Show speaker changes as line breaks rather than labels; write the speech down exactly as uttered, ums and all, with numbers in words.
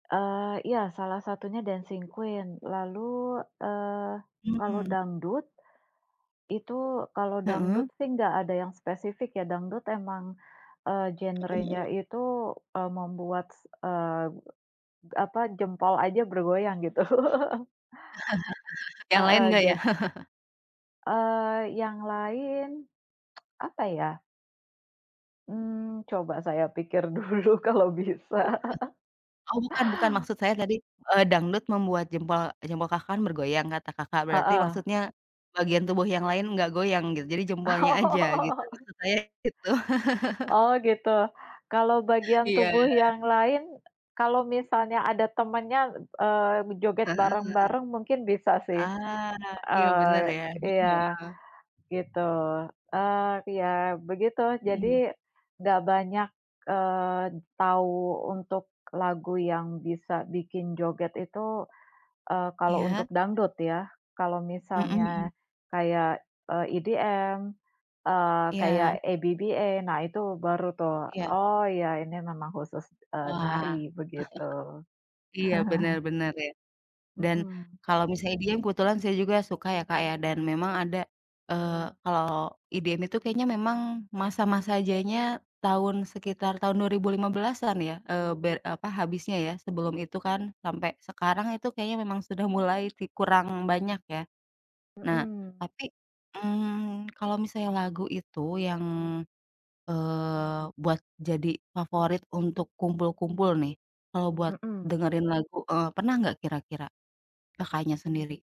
Eee, iya, salah satunya Dancing Queen. Lalu, eee, kalau
Mmm.
dangdut, itu kalau dangdut
Heeh.
sih, enggak ada yang spesifik ya, dangdut emang, eee,
Heeh
genrenya
heeh.
itu, eee, membuat s eee, apa, jempol aja bergoyang, gitu.
Yang lain
Heeh,
nggak, ya?
jad Eee, yang lain, apa, ya? Mmm, coba saya pikir dulu kalau bisa.
Oh, bukan bukan, maksud saya tadi, eee, dangdut membuat jempol jempol Kakak kan bergoyang, kata Kakak. Berarti
Heeh.
maksudnya, bagian tubuh yang lain nggak goyang, gitu? Jadi jempolnya, aja gitu.
Oh.
Maksudnya gitu.
Oh, gitu. Kalau bagian
Iya.
tubuh yang lain, kalau misalnya ada temannya, eee, joget
Heeh, iya.
bareng-bareng mungkin bisa, sih.
Ah, iya,
Eee,
bener ya.
iya,
[unintelligible]
gitu. Eee, iya, begitu, jadi
Mhm.
enggak banyak, eee, tahu untuk lagu yang bisa bikin joget itu, eee, kalau
Iya.
untuk dangdut, ya. Kalau
Mhm
misalnya
mhm.
kayak, eee, EDM, eee,
Iya.
kayak ABBA, nah, itu baru tuh,
Iya.
"Oh, ya, ini memang khusus,
Wah.
eee, nari", begitu.
Iya, bener bener, ya. Dan
Mhm.
kalau misalnya EDM kebetulan saya juga suka ya, Kak, ya, dan memang ada, eee, kalau EDM itu kayaknya memang masa-masa jayanya tahun sekitar tahun dua ribu lima belasan ya, eee, ber apa, habisnya ya. Sebelum itu kan, sampai sekarang itu kayaknya memang sudah mulai vi kurang banyak, ya. Nah,
Mhm.
tapi, mmm, kalo misalnya lagu itu, yang, eee, buat jadi favorit untuk kumpul-kumpul nih, kalo buat
Mhm.
dengerin lagu, eee, pernah nggak kira-kira? Kakaknya sendiri.